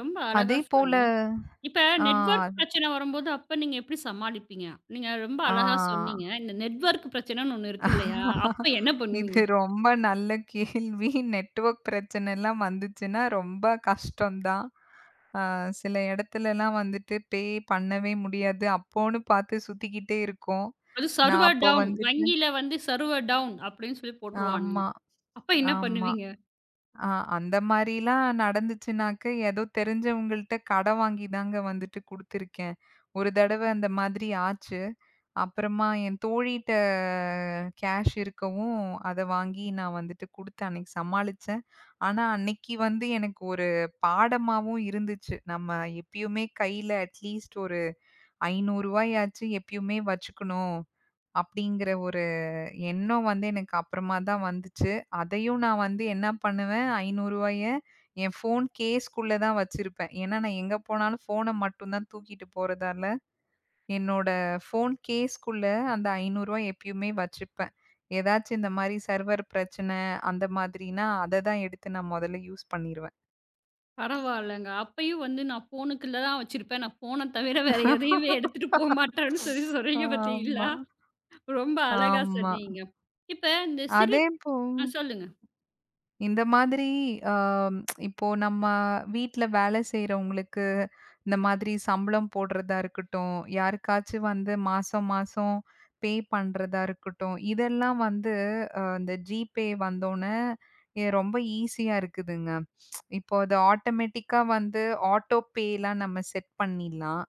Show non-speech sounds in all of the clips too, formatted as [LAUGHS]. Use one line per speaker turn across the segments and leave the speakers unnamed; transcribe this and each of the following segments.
ரொம்ப அழகா
அதே போல,
சொன்னீங்க. இப்ப
அ.
நெட்வர்க் பிரச்சனை வரும்போது அப்ப நீங்க எப்டி சமாளிப்பீங்க? நீங்க ரொம்ப அழகா
அ.
சொன்னீங்க. இந்த நெட்வர்க் பிரச்சனைன்னு ஒண்ணு இருக்கு இல்லையா? அப்ப என்ன
இது
பண்ணுவீங்க?
ரொம்ப நல்ல கேள்வி. நெட்வர்க் பிரச்சனை எல்லாம் வந்துச்சுன்னா ரொம்ப கஷ்டம்தான். அ சில இடத்துலலாம் வந்துட்டு பே பண்ணவே முடியாது. அப்போன்னு பார்த்துச் சுத்திக்கிட்டே இருக்கோம்.
அது
நான்
சர்வர்
அப்ப
டவுன்.
வந்துட்டு
வங்கியில வந்து சர்வர் டவுன். அப்டின்னு சொல்லிப் போட்டுருவான்ங்க.
ஆமா,
அப்ப என்ன
ஆமா.
பண்ணுவீங்க?
அ அந்த மாதிரிலாம் நடந்துச்சுன்னாக்க, ஏதோ தெரிஞ்சவங்கள்ட்ட கடன் வாங்கிதாங்க வந்துட்டு குடுத்திருக்கேன். ஒரு தடவ அந்த மாதிரி ஆச்சு. அப்புறமா என் தோழிட்ட கேஷ் இருக்கவும் அத வாங்கி நான் வந்துட்டு குடுத்து அன்னைக்கு சமாளிச்சேன். ஆனா அன்னைக்கு வந்து எனக்கு ஒரு பாடமாவும் இருந்துச்சு. நம்ம எப்பயுமே கையில அட்லீஸ்ட் ஒரு ரு. 500 எப்பயுமே வச்சுக்கணும். அப்டிங்கிற ஒரு எண்ணம் வந்து எனக்கு அப்புறமாதான் வந்துச்சு. அதையும் நான் வந்து என்ன பண்ணுவேன், ரு. 500 என் ஃபோன் கேஸ்க்குள்ளதான் வச்சிருப்பேன். ஏன்னா, நான் எங்க போனாலும் ஃபோன் அ மட்டும்தான் தூக்கிட்டு போறதால, என்னோட ஃபோன் கேஸ்க்குள்ளதான் அந்த ரு. 500 எப்பயுமே வச்சிருப்பேன். ஏதாச்சு இந்த மாரி சர்வர் பிரச்சனை அந்த மாதிரின்னா அதைதான் எடுத்து நான் முதல்ல யூஸ் பண்ணிருவேன்.
பரவாயில்லங்க. அப்பயும் வந்து நான் ஃபோன்க்குள்ள தான் வச்சிருப்பேன். நான் ஃபோன் தவிர வேற எதையுமே எடுத்துட்டு போமாட்டேன்னு சொல்லிச் சொல்றீங்க
ஆமா,
பாத்தீங்களா? ரொம்ப அழகா
ஆமா.
சொன்னீங்க. இப்ப இந்தச் சிறு
அதே இப்போ
அ சொல்லுங்க.
இந்த மாதிரி அ [TSK] இப்போ நம்ம வீட்ல வேலை செய்றவங்களுக்கு, இந்த மாதிரி சம்பளம் போடுறதா இருக்கட்டும், யாருக்காச்சும் வந்து மாசம் மாசம் பே பண்றதா இருக்கட்டும். இதெல்லாம் வந்து அ இந்த Gpay வந்தோனே எ ரொம்ப ஈசியா இருக்குதுங்க. [TSK] இப்போ அது ஆட்டோமேட்டிக்கா வந்து ஆட்டோ பே எல்லாம் நம்ம செட் பண்ணிடலாம்.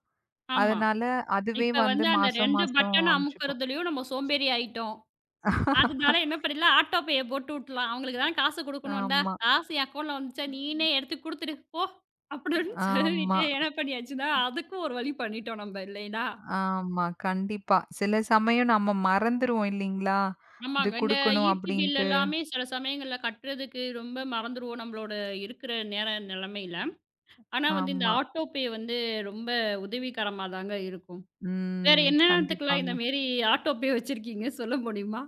ஆமா.
அதனால அதுவே
இப்ப
வந்து
வந்து அந்த
மாசம்
2
மாசம்
பட்டன்
அனுப்பிச்சிக்கும்.
அமுக்குறதுலயும் நம்ம சோம்பேறி ஆயிட்டோம். அதனால என்ன
[LAUGHS]
பண்ணலாம்? ஆட்டோ பே, போட்டு விட்டுடலாம். அவங்களுக்கு தான் காசு குடுக்கணும், இந்தா
ஆமா.
காசு என் அக்கவுன்ட்ல வந்துருச்சா.
ம்.
நீனே எடுத்துக் குடுத்துடு போ. அப்டின்னு
ஆமா.
சொல்லிட்டு என்ன பண்ணியாச்சுன்னா அதுக்கும் ஒரு வழி பண்ணிட்டோம். நம்ம இல்லைன்னா.
ஆமா, கண்டிப்பா. சில சமயம் நம்ம மறந்துருவோம் இல்லீங்களா? இது
ஆமாங்க. இந்த
குடுக்கணும்
ஈ.பி பில்
அப்டின்ட்டு.
எல்லாமே சில சமயங்கள்ல கட்டுறதுக்கு ரொம்ப மறந்துருவோம். நம்மளோட இருக்குற நேர நிலைமையில. ஆனா இந்த
ஆமா.
ஆட்டோ பே, வந்து ரொம்ப உதவிகரமாதான் இருக்கும். வேற
ம்.
என்ன எல்லாத்துக்கு இந்த
கண்டிப்பாங்க.
மாதிரி ஆட்டோ பே, வச்சிருக்கீங்க? சொல்ல முடியுமா?